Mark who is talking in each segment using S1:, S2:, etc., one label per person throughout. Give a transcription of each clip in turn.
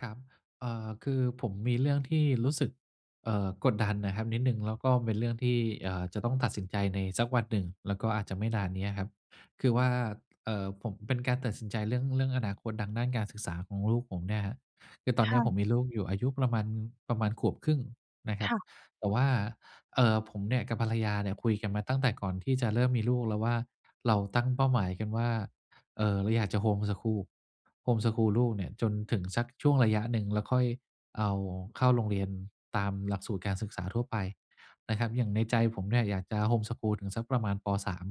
S1: ครับ เอ่อ คือผมมีเรื่องที่รู้สึก เอ่อ กดดันน่ะครับนิดหนึ่ง แล้วก็เป็นเรื่องที่ เอ่อ จะต้องตัดสินใจในสักวันหนึ่ง แล้วก็อาจจะไม่นานนี้อะครับ คือว่า เอ่อ ผมเป็นการตัดสินใจเรื่อง เรื่องอนาคตดังด้านการศึกษาของลูกผมเนี่ยครับ คือตอ
S2: ค
S1: นเนี้
S2: ่
S1: ยผม
S2: ะ
S1: มีลูกอยู่อายุประมาณ ประมาณขวบครึ่งนะค
S2: ค
S1: รับ
S2: ่ะ
S1: แต่ว่า เอ่อ ผมเนี่ยกับภรรยาเนี่ย คุยกันมาตั้งแต่ก่อนที่จะเริ่มมีลูกแล้วว่า เราตั้งเป้าหมายกันว่า เอ่อ เราอยากจะโฮมสคูล โฮมสคูลลูกเนี่ยจนถึงสักช่วงระยะหนึ่ง แล้วค่อยเอาเข้าโรงเรียนตามหลักสูตรการศึกษาทั่วไปนะครับ อย่างในใจผมเนี่ยอยากจะโฮมสคูลถึงสักประมาณ ป. 3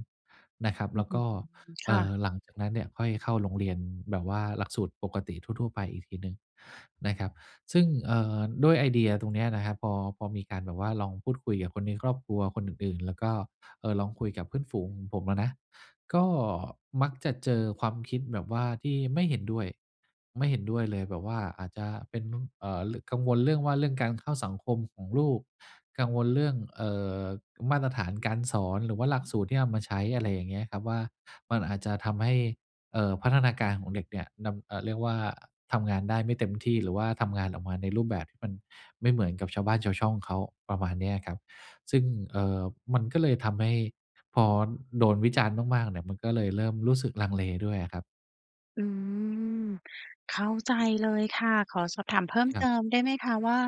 S1: นะครับ แล้วก็
S2: [unintelligible]
S1: เ
S2: ค
S1: อ่
S2: ่ะ
S1: อ หลังจากนั้นเนี่ยค่อยเข้าโรงเรียนแบบว่าหลักสูตรปกติทั่ว ๆ ไปอีกทีหนึ่งนะครับ ซึ่ง เอ่อ ด้วยไอเดียตรงเนี้ยนะครับ พอ พอมีการแบบว่า ลองพูดคุยกับคนในครอบครัวคนอื่น ๆ แล้วก็ เอ่อ ลองคุยกับเพื่อนฝูงของผมอะนะ ก็มักจะเจอความคิดแบบว่าที่ไม่เห็นด้วย ไม่เห็นด้วยเลยแบบว่าอาจจะเป็น เอ่อ กังวลเรื่องว่า เรื่องการเข้าสังคมของลูก กังวลเรื่อง เอ่อ มาตรฐานการสอน หรือว่าหลักสูตรที่เอามาใช้ อะไรอย่างเงี้ยครับว่า มันอาจจะทำให้ เอ่อ พัฒนาการของเด็กเนี่ย ดำ เอ่อ เรียกว่าทำงานได้ไม่เต็มที่ หรือว่าทำงานออกมาในรูปแบบที่มันไม่เหมือนกับชาวบ้านชาวช่องเขา ประมาณนี้อะครับ ซึ่ง เอ่อ มันก็เลยทำให้พอโดนวิจารณ์มาก ๆ เนี่ย มันก็เลยเริ่มรู้สึกลังเลด้วยอะครับ
S2: อืม เข้าใจเลยค่ะ ขอสอบถามเพิ่ม
S1: คร
S2: เ
S1: ับ
S2: ติมได้ไหมคะว่า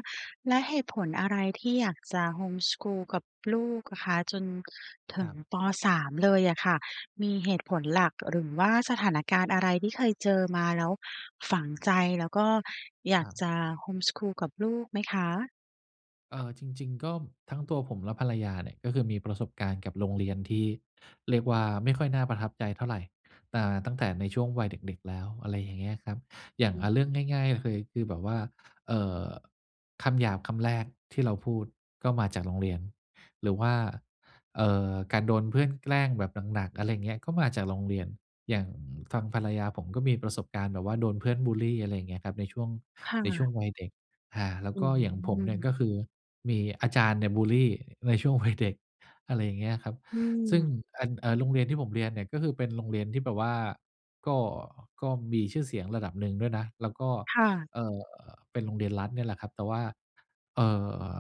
S2: แล้วเหตุผลอะไร ที่อยากจะโฮมสกูลกับลูกอะคะ จนถึ
S1: ค
S2: ง
S1: รับ
S2: ป. 3 เลยอะค่ะ มีเหตุผลหลัก หรือว่าสถานการณ์อะไร ที่เคยเจอมาแล้วฝังใจ แล้วก็อย
S1: ค
S2: า
S1: ร
S2: ก
S1: ับ
S2: จะโฮมสกูลกับลูกไหมคะ?
S1: เอ่อ จริง ๆ ก็ ทั้งตัวผมและภรรยาเนี่ย ก็คือมีประสบการณ์กับโรงเรียนที่เรียกว่า ไม่ค่อยน่าประทับใจเท่าไร อ่า ตั้งแต่ในช่วงวัยเด็ก ๆ แล้ว อะไรอย่างเงี้ยครับ อย่า
S2: อ
S1: ง อ
S2: ืม
S1: า เรื่องง่าย ๆ ก็คือ คือแบบว่า เอ่อ คำหยาบคำแรกที่เราพูด ก็มาจากโรงเรียน หรือว่า เอ่อ การโดนเพื่อนแกล้งแบบหนัก ๆ อะไรเงี้ย ก็มาจากโรงเรียน อย่างฟังภรรยาผม ก็มีประสบการณ์แบบว่า โดนเพื่อนบุลลี อะไรเงี้ยครับ ในช่วง
S2: ค่
S1: ในช่ว
S2: ะ
S1: งวัยเด็ก อา แล้ว
S2: อื
S1: ก็อย่างผมเนี่ย ก
S2: ม
S1: ็คือมีอาจารย์เนี่ย บุลลีในช่วง วัยเด็ก อะไรอย่างเงี้ยครับ
S2: อื
S1: ซึ่ง
S2: ม
S1: อัน อ่า โรงเรียนที่ผมเรียนเนี่ย ก็คือเป็นโรงเรียนที่แบบว่า ก็ ก็มีชื่อเสียงระดับหนึ่งด้วยนะ แล้วก็
S2: ค่ะ
S1: เอ่อ เป็นโรงเรียนรัฐเนี่ยแหละครับ แต่ว่า เอ่อ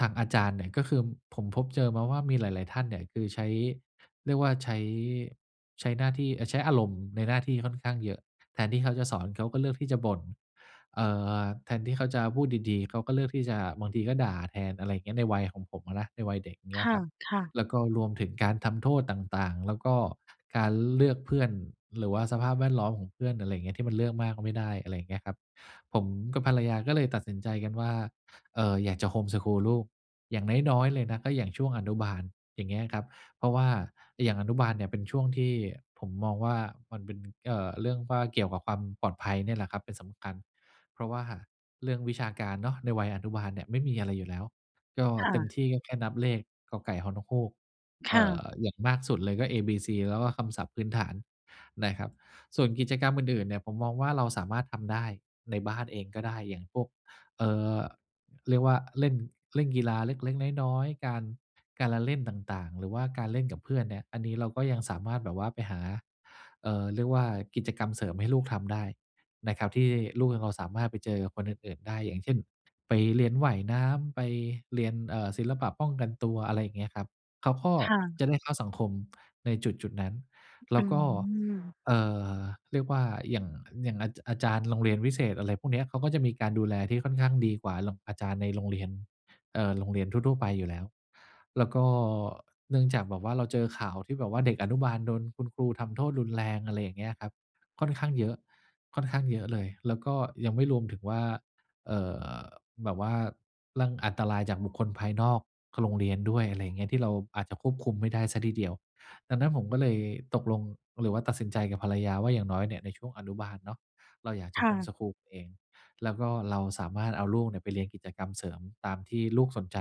S1: ทางอาจารย์เนี่ย ก็คือ ผมพบเจอมาว่ามีหลาย ๆ ท่านเนี่ย คือใช้ เรียกว่าใช้ ใช้หน้าที่ เอ่อ ใช้อารมณ์ในหน้าที่ค่อนข้างเยอะ แทนที่เขาจะสอน เขาก็เลือกที่จะบ่น เอ่อ แทนที่เขาจะพูดดี ๆ เขาก็เลือกที่จะ บางทีก็ด่าแทน อะไรเงี้ย ในวัยของผมอะนะ ในวัยเด็ก เง
S2: ค
S1: ี้ยครับ
S2: ่ะ ๆ
S1: แล้วก็รวมถึงการทำโทษต่าง ๆ แล้วก็การเลือกเพื่อน หรือว่าสภาพแวดล้อมของเพื่อน อะไรเงี้ย ที่มันเลือกมากก็ไม่ได้ อะไรอย่างเงี้ยครับ ผมกับภรรยาก็เลยตัดสินใจกันว่า เอ่อ อยากจะโฮมสกูลลูก อย่างน้อย ๆ เลยนะ ก็อย่างช่วงอนุบาล อย่างเงี้ยครับ เพราะว่าไอ้อย่างอนุบาลเนี่ย เป็นช่วงที่ผมมองว่า มันเป็น เอ่อ เรื่องว่าเกี่ยวกับความปลอดภัยเนี่ยแหละครับเป็นสำคัญ เพราะว่าเรื่องวิชาการเนาะ ในวัยอนุบาลเนี่ย ไม่มีอะไรอยู่แล้ว ก็
S2: ค่
S1: เต็ม
S2: ะ
S1: ที่ก็แค่นับเลข ก.ไก่ ฮ.นกฮูก
S2: ค
S1: เอ
S2: ่
S1: ่
S2: ะ
S1: อ อย่างมากสุดเลยก็ A B C แล้วก็คำศัพท์พื้นฐานนะครับ ส่วนกิจกรรมอื่น ๆ เนี่ย ผมมองว่าเราสามารถทำได้ ในบ้านเองก็ได้ อย่างพวก เอ่อ เรียกว่า เล่น เล่นกีฬาเล็ก ๆ น้อย ๆ การ การละเล่นต่าง ๆ หรือว่าการเล่นกับเพื่อนเนี่ย อันนี้เราก็ยังสามารถแบบว่าไปหา เอ่อ เรียกว่า กิจกรรมเสริมให้ลูกทำได้นะครับ ที่ลูกยังพอสามารถไปเจอกับคนอื่น ๆ ได้ อย่างเช่น ไปเรียนว่ายน้ำ ไปเรียน เอ่อ ศิลปะป้องกันตัว อะไรเงี้ยครับ เขาข้อ
S2: ค่ะ
S1: จะได้เข้าสังคมในจุด ๆ นั้น แล
S2: อ
S1: ้ว
S2: ื
S1: ก็
S2: ม
S1: เอ่อ เรียกว่า หยั่ง อย่างอาจะ อาจารย์โรงเรียนวิเศษ อะไรพวกเนี้ย เขาก็จะมีการดูแลที่ค่อนข้างดีกว่ารง อาจารย์ในโรงเรียน เอ่อ โรงเรียนทั่ว ๆ ไปอยู่แล้ว แล้วก็ เนื่องจากแบบว่า เราเจอข่าวที่แบบว่าเด็กอนุบาลโดนคุณครูทำโทษรุนแรง อะไรอย่างเงี้ยครับ ค่อนข้างเยอะ ค่อนข้างเยอะเลย แล้วก็ยังไม่รวมถึงว่า เอ่อ แบบว่าเรื่อง อันตรายจากบุคคลภายนอก ค โรงเรียนด้วย อะไรอย่างเงี้ย ที่เราอาจจะควบคุมไม่ได้เสียทีเดียว ดังนั้นผมก็เลยตกลง หรือว่าตัดสินใจกับภรรยาว่า อย่างน้อยเนี่ย ในช่วงอนุบาลเนาะ เราอยากจะ
S2: ค
S1: โ
S2: ่
S1: ฮม
S2: ะ
S1: สกูลเอง แล้วก็เราสามารถเอาลูกเนี่ย ไปเรียนกิจกรรมเสริมตามที่ลูกสนใจ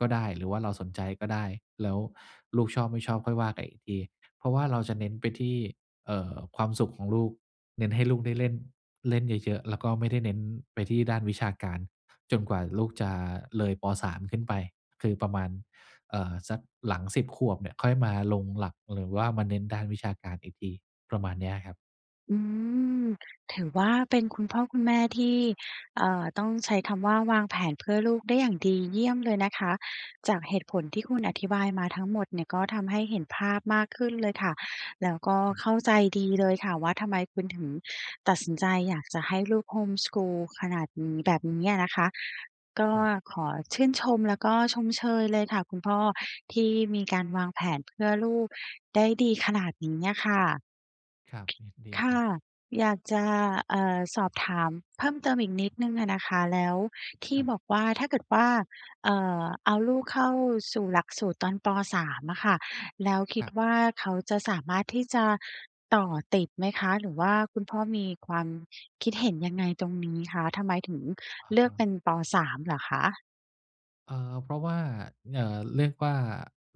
S1: ก็ได้ หรือว่าเราสนใจก็ได้ แล้วลูกชอบไม่ชอบค่อยว่ากันอีกที เพราะว่าเราจะเน้นไปที่ เอ่อ ความสุขของลูก เน้นให้ลูกได้เล่น เล่นเยอะ ๆ แล้วก็ไม่ได้เน้นไปที่ด้านวิชาการ จนกว่าลูกจะเลย ป. 3 ขึ้นไป คือประมาณ เอ่อ สักหลัง 10 ขวบเนี่ย ค่อยมาลงหลัก หรือว่ามาเน้นด้านวิชาการอีกที ประมาณเนี้ยอะครับ
S2: อืม ถือว่าเป็นคุณพ่อคุณแม่ที่ เอ่อ ต้องใช้คำว่าวางแผนเพื่อลูกได้อย่างดีเยี่ยมเลยนะคะ จากเหตุผลที่คุณอธิบายมาทั้งหมดเนี่ย ก็ทำให้เห็นภาพมากขึ้นเลยค่ะ แล้วก็
S1: ครับ
S2: เข้าใจดีเลยค่ะ ว่าทำไมคุณถึงตัดสินใจอยากจะให้ลูก home school ขนาดนี้ แบบนี้อะนะคะ ก็
S1: ครับ
S2: ขอชื่นชม แล้วก็ชมเชยเลยค่ะคุณพ่อที่มีการวางแผนเพื่อลูกได้ดีขนาดนี้อะค่ะ
S1: ครับ ยินดี
S2: ค
S1: ค
S2: ่
S1: ร
S2: ะ
S1: ับ
S2: อยากจะ เอ่อ สอบถามเพิ่มเติมอีกนิดหนึ่งอะนะคะ แล้วที
S1: ค
S2: ่
S1: รับ
S2: บอกว่าถ้าเกิดว่า เอ่อ เอาลูกเข้าสู่หลักสูตรตอน ป. 3 อะค่ะ แล้วคิ
S1: ค
S2: ด
S1: รับ
S2: ว่าเขาจะสามารถที่จะต่อติดไหมคะ? หรือว่าคุณพ่อมีความคิดเห็นยังไงตรงนี้คะ? ทำไมถึง
S1: อะ
S2: เลื
S1: ฮ
S2: อกเป
S1: ะ
S2: ็น ป. 3 เหรอคะ?
S1: เอ่อ เพราะว่า เอ่อ เรียกว่า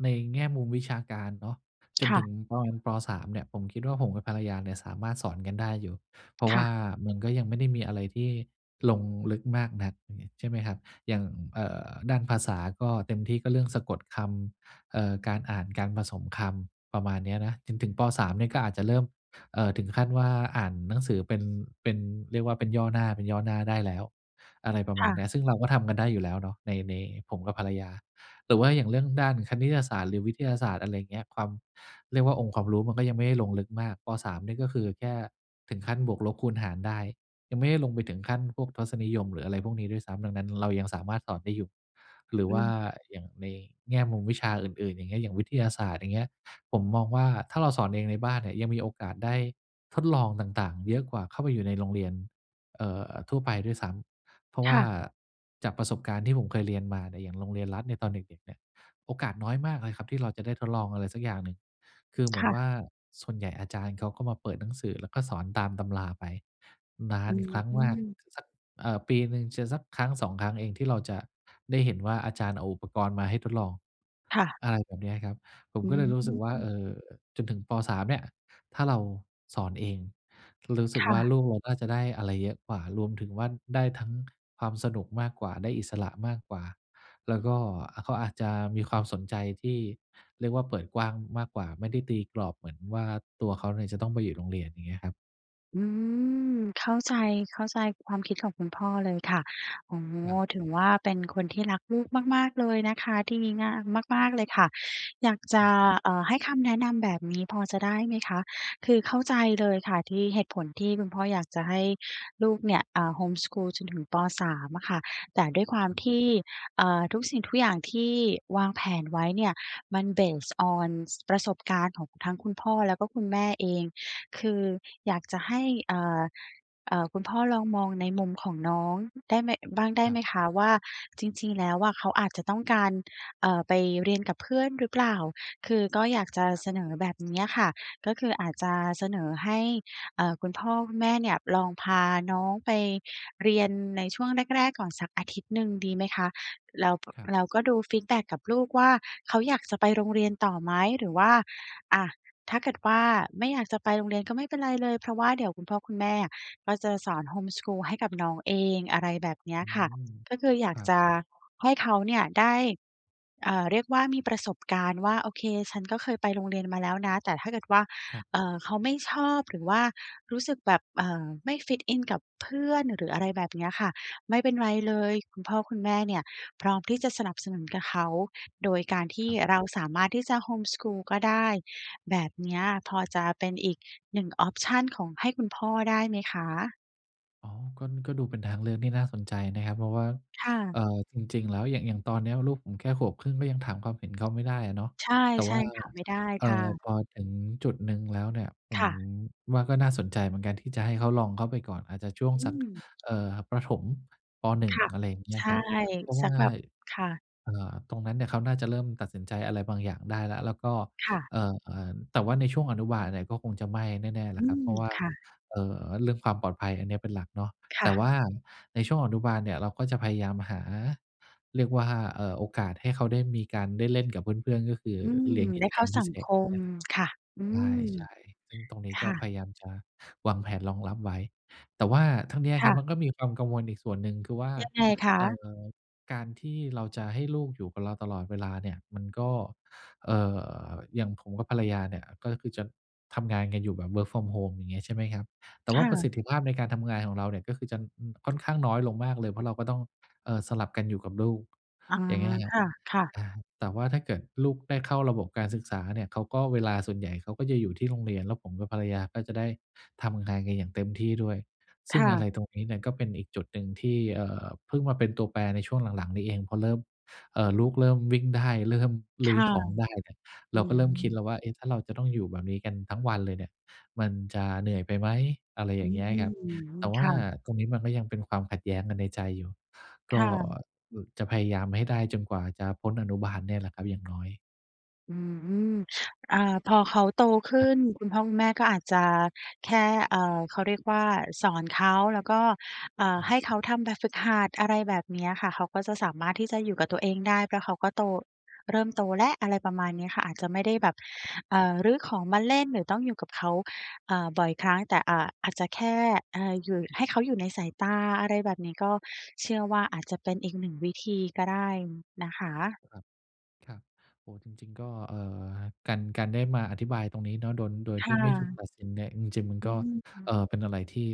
S1: ในแง่มุมวิชาการเนาะ จ
S2: ค
S1: น
S2: ่
S1: ถึ
S2: ะ
S1: งตอน ป. 3 เนี่ย ผมคิดว่าผมกับภรรยาเนี่ยสามารถสอนกันได้อยู่ เพราะ
S2: ค
S1: ว
S2: ่
S1: ่า
S2: ะ
S1: มันก็ยังไม่ได้มีอะไรที่ลงลึกมากนัก อย่างงี้ใช่ไหมครับ อย่าง เอ่อ ด้านภาษาก็เต็มที่ก็เรื่องสะกดคำ เอ่อ การอ่าน การผสมคำประมาณเนี้ยนะ จนถึง ป. 3 เนี่ยก็อาจจะเริ่ม เอ่อ ถึงขั้นว่าอ่านหนังสือเป็น เป็น เรียกว่าเป็นย่อหน้า เป็นย่อหน้าได้แล้ว อะไรประม
S2: ค
S1: า
S2: ่
S1: ณ
S2: ะ
S1: นี้ ซึ่งเราก็ทำกันได้อยู่แล้วเนาะใน ในผมกับภรรยา หรือว่าอย่างเรื่องด้านคณิตศาสตร์หรือวิทยาศาสตร์ อะไรอย่างเงี้ย ความ เรียกว่าองค์ความรู้มันก็ยังไม่ได้ลงลึกมาก ป. 3 นี่ก็คือแค่ถึงขั้นบวก ลบ คูณ หารได้ ยังไม่ได้ลงไปถึงขั้นพวกทศนิยมหรืออะไรพวกนี้ด้วยซ้ำ ดังนั้นเรายังสามารถสอนได้อยู่ หรือ
S2: อ
S1: ว
S2: ื
S1: ่า
S2: ม
S1: อย่างในแง่มุมวิชาอื่น ๆ อย่างเงี้ย อย่างวิทยาศาสตร์ อย่างเงี้ย ผมมองว่าถ้าเราสอนเองในบ้านเนี่ย ยังมีโอกาสได้ทดลองต่าง ๆ เยอะกว่าเข้าไปอยู่ในโรงเรียน เอ่อ ทั่วไปด้วยซ้ำ เพราะ
S2: ค
S1: ว่
S2: ่
S1: า
S2: ะ
S1: จากประสบการณ์ที่ผมเคยเรียนมาเนี่ยอย่างโรงเรียนรัฐเนี่ยตอนเด็ก ๆ เนี่ย โอกาสน้อยมากเลยครับที่เราจะได้ทดลองอะไรสักอย่างหนึ่ง คือเหม
S2: ค
S1: ือน
S2: ่
S1: ว
S2: ะ
S1: ่าส่วนใหญ่อาจารย์เขาก็มาเปิดหนังสือ แล้วก็สอนตามตำราไปนา
S2: อื
S1: นครั้งมาก
S2: ม
S1: สัก เอ่อ ปีหนึ่งจะสัก 1-2 ครั้ง เองที่เราจะได้เห็นว่าอาจารย์เอาอุปกรณ์มาให้ทดลอง
S2: ค่ะ
S1: อะไรแบบนี้ครับ ผม
S2: อื
S1: ก็เลยรู้สึกว่า เ
S2: ม
S1: อ่อ จนถึง ป. 3 เนี่ย ถ้าเราสอนเองรู้สึ
S2: ค
S1: กว
S2: ่
S1: ่า
S2: ะ
S1: ลูกเราน่าจะได้อะไรเยอะกว่า รวมถึงว่าได้ทั้งความสนุกมากกว่า ได้อิสระมากกว่า แล้วก็เขาอาจจะมีความสนใจที่เรียกว่าเปิดกว้างมากกว่า ไม่ได้ตีกรอบเหมือนว่าตัวเขาเนี่ยจะต้องไปอยู่โรงเรียนอย่างเนี้ยครับ
S2: อืม เข้าใจ เข้าใจความคิดของคุณพ่อเลยค่ะ อ๋อ
S1: ครับ
S2: ถึงว่าเป็นคนที่รักลูกมาก ๆ เลยนะคะ ดีงามมาก ๆ เลยค่ะ อยากจ
S1: ค
S2: ะ
S1: รับ
S2: เอ่อ ให้คำแนะนำแบบนี้พอจะได้ไหมคะ คือเข้าใจเลยค่ะที่ เหตุผลที่คุณพ่ออยากจะให้ลูกเนี่ย อ่า home school จนถึง ป. 3 อะค่ะ แต่ด้วยความ
S1: ครับ
S2: ที่ เอ่อ ทุกสิ่งทุกอย่างที่วางแผนไว้เนี่ย มัน base on ประสบการณ์ของทั้งคุณพ่อ แล้วก็คุณแม่เอง คืออยากจะให้ เอ่อ เอ่อ คุณพ่อลองมองในมุมของน้องได้ไหม บ้างได้
S1: ครั
S2: ไห
S1: บ
S2: มคะว่า จริง ๆ แล้วอะ เขาอาจจะต้องการ เอ่อ ไปเรียนกับเพื่อนหรือเปล่า คือก็อยากจะ
S1: ครั
S2: เ
S1: บ
S2: สนอแบบเนี้ยค่ะ ก็คืออาจจะเสนอให้ เอ่อ คุณพ่อคุณแม่เนี่ย ลองพาน้องไปเรียนในช่วงแรก ๆ ก่อนสักอาทิตย์หนึ่งดีไหมคะ แล้ว ป
S1: ครับ
S2: เราก็ดูฟีดแบ็กกับลูกว่า เขาอยากจะไปโรงเรียนต่อไหม หรือว่า อะ ถ้าเกิดว่าไม่อยากจะไปโรงเรียน ก็ไม่เป็นไรเลย เพราะว่าเดี๋ยวคุณพ่อคุณแม่อะ ก็จะสอน home school ให้กับน้องเอง อะไรแบบเนี้
S1: อ
S2: ย
S1: ื
S2: ค่ะ
S1: อ
S2: ก็คืออย
S1: ค
S2: าก
S1: รับ
S2: จะให้เขาเนี่ยได้ เอ่อ เรียกว่ามีประสบการณ์ว่า โอเค ฉันก็เคยไปโรงเรียนมาแล้วนะ แต่ถ้าเกิดว่า
S1: ครับ
S2: เอ่อ เขาไม่ชอบ หรือว่ารู้สึกแบบ เอ่อ ไม่ fit in กับเพื่อน หรืออะไรแบบเนี้ยค่ะ ไม่เป็นไรเลย คุณพ่อคุณแม่เนี่ยพร้อมที่จะสนับสนุนกับเขา โดยการท
S1: ค
S2: ี่
S1: รับ
S2: เราสามารถที่จะ home school ก็ได้ แบบเนี้ยพอจะเป็นอีกหนึ่งออปชันของ ให้คุณพ่อได้ไหมคะ?
S1: อ๋อ ก็ ก็ดูเป็นทางเลือกที่น่าสนใจนะครับ เพราะว่า
S2: ค่
S1: เอ
S2: ะ
S1: ่อ จริง ๆ แล้วอย่าง อย่างตอนเนี้ยลูกผมแค่ขวบครึ่ง ก็ยังถามความเห็นเขาไม่ได้อะเนาะ
S2: ใช่
S1: แต่
S2: ใช
S1: ว่
S2: ่
S1: า
S2: ค่ะ ไม่ได้
S1: เอ่
S2: ค่
S1: อ
S2: ะ
S1: พอถึงจุดหนึ่งแล้วเนี่ย ผ
S2: ค
S1: ม
S2: ่ะ
S1: ว่าก็น่าสนใจเหมือนกันที่จะให้เขาลองเข้าไปก่อน อาจจะช่วง
S2: อ
S1: ส
S2: ื
S1: ัก
S2: ม
S1: เอ่อ ประถม ป.1
S2: ค่ะ
S1: อะไรอย่างเงี้
S2: ใ
S1: ย
S2: ช
S1: ค
S2: ่
S1: รับ เพราะว
S2: สั
S1: ่
S2: ก
S1: า
S2: แบบ ค่ะ
S1: เอ่อ ตรงนั้นเนี่ยเขาน่าจะเริ่มตัดสินใจอะไรบางอย่างได้แล้ว แล้วก็
S2: ค่ะ
S1: เอ่อ แต่ว่าในช่วงอนุบาลเนี่ย ก็คงจะไม่แน่ ๆ แหล
S2: อื
S1: ะครับ เ
S2: ม
S1: พราะว่า
S2: ค่ะ
S1: เอ่อ เรื่องความปลอดภัยอันนี้อะเป็นหลักเนาะ
S2: ค
S1: แ
S2: ่
S1: ต่
S2: ะ
S1: ว่าในช่วงอนุบาลเนี่ยเราก็จะพยายามหา เรียกว่า เอ่อ โอกาสให้เขาได้มีการได้เล่นกับเพื่อน ๆ ก็คือ
S2: อื
S1: เล็
S2: ม
S1: งกิ
S2: ได้
S1: จ
S2: เ
S1: ก
S2: ข
S1: ร
S2: ้
S1: ร
S2: า
S1: มพ
S2: ส
S1: ิ
S2: ั
S1: เศ
S2: ง
S1: ษ
S2: ค
S1: อย่างเ
S2: ม
S1: งี
S2: ค่ะ
S1: ้ย
S2: อื
S1: ลาย
S2: ม
S1: ใช้ ซึ่งตรงนี้
S2: ค
S1: ก็
S2: ่ะ
S1: พยายามจะวางแผนรองรับไว้ แต่ว่าทั้งนี้อะ
S2: ค
S1: คร
S2: ่
S1: ับ
S2: ะ
S1: มันก็มีความกังวลอีกส่วนหนึ่ง คือว่า
S2: ยังไงค
S1: เอ่
S2: ะ?
S1: อ การที่เราจะให้ลูกอยู่กับเราตลอดเวลาเนี่ย มันก็ เอ่อ อย่างผมกับภรรยาเนี่ย ก็คือจะทำงานกันอยู่แบบ work from home อย่างงี้ ใช่ไหมครับ แต่
S2: ค
S1: ว่
S2: ่
S1: าประส
S2: ะ
S1: ิทธิภาพในการทำงานของเราเนี่ยก็คือจะ อ ค่อนข้างน้อยลงมากเลย เพราะเราก็ต้อง เอ่อ สลับกันอยู่กับลูก
S2: อ๋อ
S1: อย่างเงี้ยคร
S2: ค
S1: ับ
S2: ่ะ ๆ
S1: อา แต่ว่าถ้าเกิดลูกได้เข้าระบบการศึกษาเนี่ย เขาก็ เวลาส่วนใหญ่เขาก็จะอยู่ที่โรงเรียน แล้วผมกับภรรยาก็จะได้ทำงานกันอย่างเต็มที่ด้วย ซ
S2: ค
S1: ึ่ง
S2: ่
S1: อะไร
S2: ะ
S1: ตรงนี้เนี่ยก็เป็นอีกจุดหนึ่งที่ เอ่อ เพิ่งมาเป็นตัวแปรในช่วงหลัง ๆ นี้เอง พอเริ่ม เอ่อ ลูกเริ่มวิ่งได้ เริ่ม
S2: ค
S1: รื้อ
S2: ่ะ
S1: ของได้เนี่ย
S2: อ
S1: เ
S2: ื
S1: ราก็เริ่มคิดแ
S2: ม
S1: ล้วว่า เอ๊ะ ถ้าเราจะต้องอยู่แบบนี้กันทั้งวันเลยเนี่ยมันจะเหนื่อยไปไหม? อะไร
S2: อ
S1: อย
S2: ื
S1: ่างเงี้ยครับ
S2: ม
S1: แต่ว
S2: ค
S1: ่า
S2: ่ะ
S1: ตรงนี้มันก็ยังเป็นความขัดแย้งกันในใจอยู่ ก
S2: ค
S1: ็
S2: ่ะ
S1: บ จะพยายามให้ได้จนกว่าจะพ้นอนุบาลเนี่ยแหละครับอย่าง น้อย
S2: อืม อ่า พอเขาโตข
S1: ค
S2: ึ
S1: รับ
S2: ้น คุณพ่อคุณแม่ก็อาจจะแค่ อ่า เขาเรียกว่า สอนเขาแล้วก็ เอ่
S1: ค
S2: อ
S1: รั
S2: ให
S1: บ
S2: ้เขาทำแบบฝึกหัด อะไรแบบนี้อะค่ะ เขาก็จะสามารถที่จะอยู่กับตัวเองได้ เพราะเขาก็โต เริ่มโตแล้ว อะไรประมาณนี้ค่ะ อาจจะไม่ได้แบบ
S1: ครับ
S2: เอ่อ รื้อของมาเล่น หรือต้องอยู่กับเขา อ่า บ่อยครั้งแต่ อ่า อาจจะแค่ เอ่อ อยู่ ให้เขาอยู่ในสายตา อะไรแบบนี้ ก็เชื่อว่า อาจจะเป็นอีกหนึ่งวิธีก็ได้นะคะ
S1: ครับ ครับ โอ้! จริง ๆ ก็ เอ่อ การ การได้มาอธิบายตรงนี้เนาะ โดย โดย
S2: ค
S1: ที
S2: ่
S1: ่ไม่ถูก
S2: ะ
S1: ตัดสินเนี่ย จริง ๆ มัน
S2: อื
S1: ก็
S2: ม อือ
S1: เอ่อ เป็นอะไรที่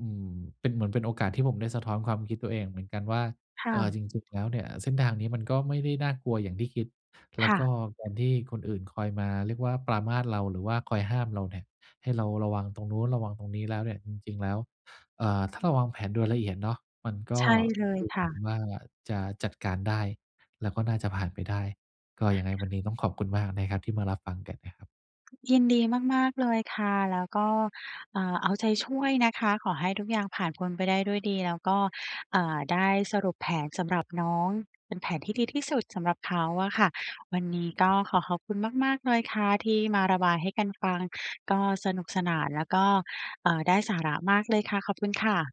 S1: อืม เป็นเหมือนเป็นโอกาสที่ผมได้สะท้อนความคิดตัวเองเหมือนกันว่า
S2: ค่
S1: เอ่อ
S2: ะ
S1: จริง ๆ แล้วเนี่ย เส้นทางนี้มันก็ไม่ได้น่ากลัวอย่างที่คิด แล
S2: ค
S1: ้ว
S2: ่
S1: ก็
S2: ะ
S1: อย่างที่คนอื่นคอยมาเรียกว่า ปรามาสเรา หรือว่าคอยห้ามเราเนี่ย ให้เราระวังตรงนู้น ระวังตรงนี้แล้วเนี่ย จริง ๆ แล้ว เอ่อ ถ้าเราวางแผนโดยละเอียดเนาะ มันก
S2: ใ
S1: ็
S2: ช่ เลย
S1: ดูเห
S2: ค
S1: มื
S2: ่
S1: อน
S2: ะ
S1: ว่า จะจัดการได้ แล้วก็น่าจะผ่านไปได้ ก็ยังไงวันนี้ต้องขอบคุณมากนะครับ ที่มารับฟังกันนะครับ
S2: ยินดีมาก ๆ เลยค่ะ แล้วก็ อ่า เอาใจช่วยนะคะ ขอให้ทุกอย่างผ่านพ้นไปได้ด้วยดี แล้วก็ อ่า ได้สรุปแผนสำหรับน้อง เป็นแผนที่ดีที่สุดสำหรับเขาอะค่ะ วันนี้ก
S1: คร
S2: ็
S1: ับ
S2: ขอขอบคุณมาก ๆ เลยค่ะ ที่มาระบายให้กันฟัง ก็สนุกสนานแล้วก็ เอ่อ ได้สาระมากเลยค่ะ ขอบคุณค่ะ